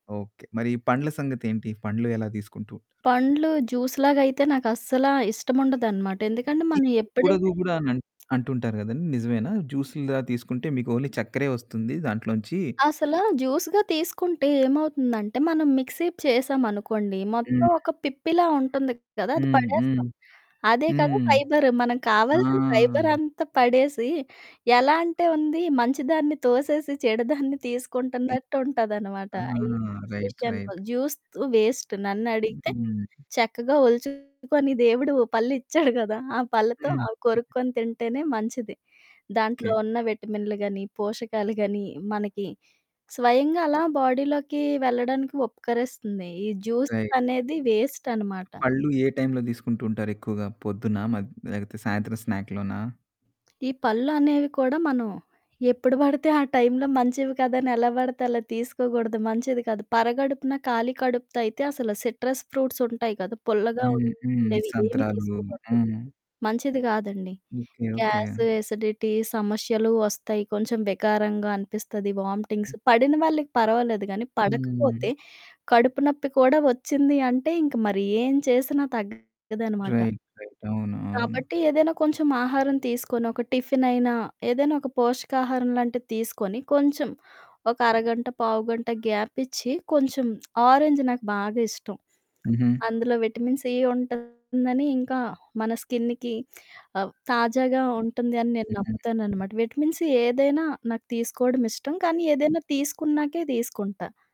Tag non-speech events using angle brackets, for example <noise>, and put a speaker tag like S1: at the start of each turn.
S1: Okay. మరి ఈ పండ్ల సంగతేంటి? పండ్లు ఎలా దీసుకుంటూ ఉంటరు?
S2: పండ్లు జ్యూస్‌లాగయితే నాకస్సలా ఇష్టముండదనమాట. ఎందుకంటే మనం
S1: తీసుకోకూడదు
S2: ఎప్పుడైతే
S1: గూడా నన్
S2: <smacks lips>
S1: అంటుంటారు గదండి, నిజమేనా? జ్యూసుల్లా తీసుకుంటే మీకోన్లీ చక్కరే ఒస్తుంది దాంట్లోంచీ
S2: అసలా జ్యూస్‌గా తీసుకుంటే ఏమవుతుందంటే, మనం మిక్సీప్ చేసామనుకోండి, మొత్తం
S1: హ్మ్.
S2: ఒక పిప్పిలా ఉంటంది కదా! అది
S1: హ్మ్. హ్మ్.
S2: పడేస్తాం. అదే కదా
S1: హ్మ్.
S2: ఫైబర్. మనకు
S1: ఆ!
S2: కావాల్సిన ఫైబరంతా పడేసీ, ఎలా అంటే ఉంది, మంచి దాన్ని తోసేసి చెడు దాన్ని
S1: తి
S2: తీసుకుంటన్నట్టుంటదనమాట.
S1: ఆ!
S2: ఆహ్, ఈ జ్యూస్
S1: రైట్.
S2: విషయానికొ
S1: రైట్.
S2: జ్యూస్ త్ వేస్ట్ నన్నడిగితే
S1: హ్మ్.
S2: చక్కగా ఒల్చుకొని దేవుడు పళ్ళిచ్చాడు గదా! ఆ పళ్ళతో
S1: హ్మ్.
S2: అవి కొరుక్కోని తింటేనే మంచిది. దాంట్లో
S1: కే.
S2: ఉన్న విటమిన్లు గానీ, పోషకాలు గానీ, మనకి స్వయంగా అలా బాడీలోకీ వెళ్ళడానికి ఉపకరిస్తంది. ఈ
S1: రైట్.
S2: జ్యూసులనేది వేస్టనమాట.
S1: పళ్ళు ఏ టైంలో దీసుకుంటుంటారు ఎక్కువుగా, పొద్దునా, మధ్ లేపోతే సాయంత్రం స్నాక్‌లోనా?
S2: ఈ పళ్ళు అనేవి కూడా మనం ఎప్పుడు బడితే ఆ టైంలో మంచివి కాదని ఎలా బడతే అలా తీసుకోగూడదు, మంచిది కాదు. పరగడుపున ఖాళీ కడుపుతో అయితే అసల సిట్రస్ ఫ్రూట్సుంటయి కదా! పుల్లగా
S1: హ్మ్. హ్మ్.
S2: ఉండేవి ఏమి
S1: సంత్రాలూ.
S2: తీసుకోకూడదు.
S1: హ్మ్.
S2: మంచిది గాదండి.
S1: ఓకే. ఓకే.
S2: గ్యాసు, ఎసిడిటీ సమష్యలూ వస్తయి. కొంచెం వికారంగా అనిపిస్తది,
S1: హ్మ్.
S2: వామ్టింగ్స్. పడిన వాళ్ళకి పర్వాలేదు గానీ,
S1: హ్మ్.
S2: పడకపోతే కడుపు నొప్పి కూడా ఒచ్చింది అంటే, ఇంక మరి ఏం చేసినా తగ్గదనమాట.
S1: రైట్. రైట్. అవును. అవును.
S2: కాబట్టి, ఏదైనా కొంచెం ఆహారం తీసుకొనో, ఒక టిఫినయినా, ఏదైనా ఒక పోషకాహారంలాంటిది తీసుకొని, కొంచెం ఒక అరగంట, పావుగంట గ్యాప్పిచ్చి, కొంచం ఆరెంజ్ నాకు బాగా ఇష్టం.
S1: హుహు.
S2: అందులో విటమిన్ సి ఉంటందని, ఇంకా మన స్కిన్న్‌కి ఆహ్, తాజాగా ఉంటంది అని నేను
S1: నిజమే.
S2: నమ్ముతాననమాట. విటమిన్ సి ఏదైనా నాకు తీసుకోడం ఇష్టం, కానీ ఏదైనా తీసుకున్నాకే, దీసుకుంటా.